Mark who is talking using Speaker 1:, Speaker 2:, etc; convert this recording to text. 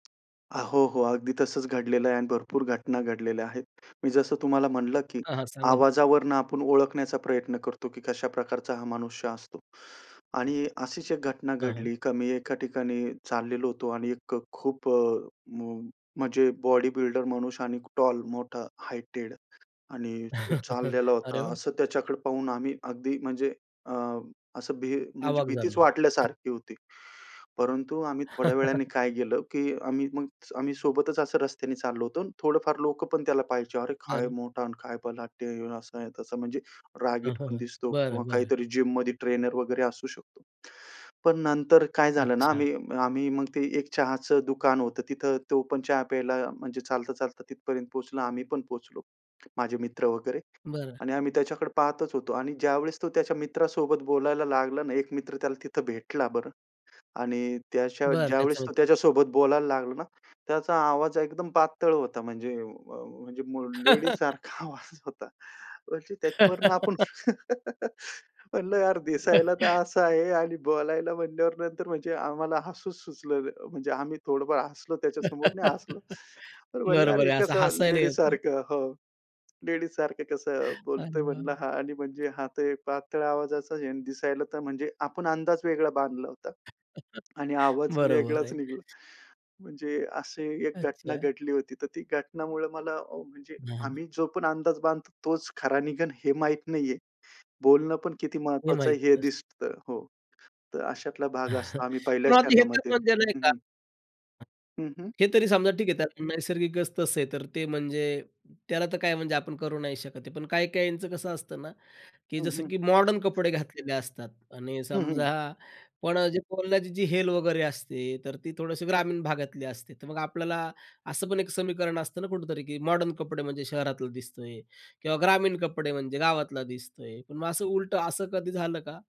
Speaker 1: हां. हो हो, अगदी तसंच घडलेलं आहे आणि भरपूर घटना घडलेल्या आहेत. मी जसं तुम्हाला म्हणलं की
Speaker 2: हां, हां. सांगा ना.
Speaker 1: आवाजावरून आपण ओळखण्याचा प्रयत्न करतो की कशा प्रकारचा हा मनुष्य असतो. आणि अशीच एक घटना
Speaker 2: हां, हां.
Speaker 1: घडली का मी एका ठिकाणी चाललेलो होतो आणि एक अ, खूप अ, म म्हणजे बॉडीबिल्डर मनुष्य आणि टॉल, मोठा, हाईटेड आणि तो चाललेला
Speaker 2: अरे
Speaker 1: होता,
Speaker 2: वाह!
Speaker 1: असं त्याच्याकडे पाहून आम्ही अगदी म्हणजे अ, असं भी म्हणजे
Speaker 2: आवाक
Speaker 1: भीतीच
Speaker 2: झालो.
Speaker 1: वाटल्यासारखी होती. परंतु आम्ही थोड्या वेळाने काय केलं की आम्ही मग आम्ही सोबतच असं रस्त्याने चाललो होतो. थोडंफार लोकं पण त्याला पाहायचे. अरे, काय
Speaker 2: बरं.
Speaker 1: मोठा आणि काय बलाढ्य! आहे, असं आहे, तसं. म्हणजे
Speaker 2: हां,
Speaker 1: रागीट
Speaker 2: हां,
Speaker 1: पण
Speaker 2: हां.
Speaker 1: दिसतो किंवा
Speaker 2: बरं, बरं.
Speaker 1: काहीतरी जिममध्ये ट्रेनर वगैरे असू शकतो. पण नंतर काय झालं ना,
Speaker 2: अच्छा.
Speaker 1: आम्ही आम्ही मग ते एक चहाचं दुकान होतं, तिथं तो पण चहा प्यायला, म्हणजे चालता-चालता तिथपर्यंत पोहोचला, आम्ही पण पोहोचलो. माझे मित्र वगैरे
Speaker 2: बरं.
Speaker 1: आणि आम्ही त्याच्याकडे पाहतच होतो आणि ज्यावेळेस तो त्याच्या मित्रासोबत बोलायला लागला ना, एक मित्र त्याला तिथं भेटला बरं आणि त्याच्या
Speaker 2: बरं त्याचा
Speaker 1: ज्यावेळेस तो
Speaker 2: मित्र.
Speaker 1: त्याच्यासोबत बोलायला लागला ना, त्याचा आवाज एकदम पातळ होता, म्हणजे अ, [unintelligible] म्हणजे लेडीजसारखा आवाज होता. म्हणजे त्याच्यावरनं आपण म्हणलं यार, दिसायला तर असं आहे आणि बोलायला म्हणल्यावर नंतर म्हणजे आम्हाला हसू सुचलं न म्हणजे आम्ही थोडंफार हसलो, त्याच्यासमोर नाही हसलो. तर म्हणलं, अरे,
Speaker 2: बरोबर
Speaker 1: हे
Speaker 2: आहे असं
Speaker 1: कसं
Speaker 2: हसायला येतं.
Speaker 1: लेडीजसारखं हो, लेडीजसारखं कसं
Speaker 2: अरे
Speaker 1: बोलतोय
Speaker 2: वाह, वाह!
Speaker 1: म्हणलं हा आणि म्हणजे हा तर एक पातळ आवाजाचा आहे आणि दिसायला तर म्हणजे आपण अंदाज वेगळा बांधला होता आणि आवाज
Speaker 2: बरोबर
Speaker 1: वेगळाच
Speaker 2: आहे.
Speaker 1: निघला. म्हणजे अशी एक घटना
Speaker 2: अच्छा.
Speaker 1: घडली होती, तर ती घटनामुळे मला अ, म्हणजे
Speaker 2: [unintelligible]
Speaker 1: आम्ही जो पण अंदाज बांधतो, तोच खरा निघेन हे माहीत नाहीये. बोलणं पण किती
Speaker 2: हे,
Speaker 1: महत्त्वाचं आहे
Speaker 2: माहिती
Speaker 1: हे
Speaker 2: नसतं.
Speaker 1: दिसतं हो. तर अशातला भाग असतो, आम्ही
Speaker 2: पण
Speaker 1: पहिल्याच
Speaker 2: आता हे तर
Speaker 1: क्षणामध्ये
Speaker 2: [unintelligible]
Speaker 1: हं,
Speaker 2: का?
Speaker 1: हं. हं, हं.
Speaker 2: हे तरी समजा ठीक आहे, त्याला नैसर्गिकच तसं आहे. तर ते म्हणजे त्याला तर काय म्हणजे आपण करू नाही शकत आहे. पण काही-काहीचं कसं असतं ना, की
Speaker 1: हं,
Speaker 2: जसं
Speaker 1: हं.
Speaker 2: की मॉडर्न कपडे घातलेले असतात आणि
Speaker 1: हं, हं.
Speaker 2: समजा, पण अ, जे बोलण्याची जी हेल वगैरे असते, तर ती थोडंशी ग्रामीण भागातली असते. तर मग आपल्याला असं पण एक समीकरण असतं ना, कुठेतरी की मॉडर्न कपडे म्हणजे शहरातलं दिसतोय किंवा ग्रामीण कपडे म्हणजे गावातला दिसतोय, पण मग असं उलटं असं कधी झालं का?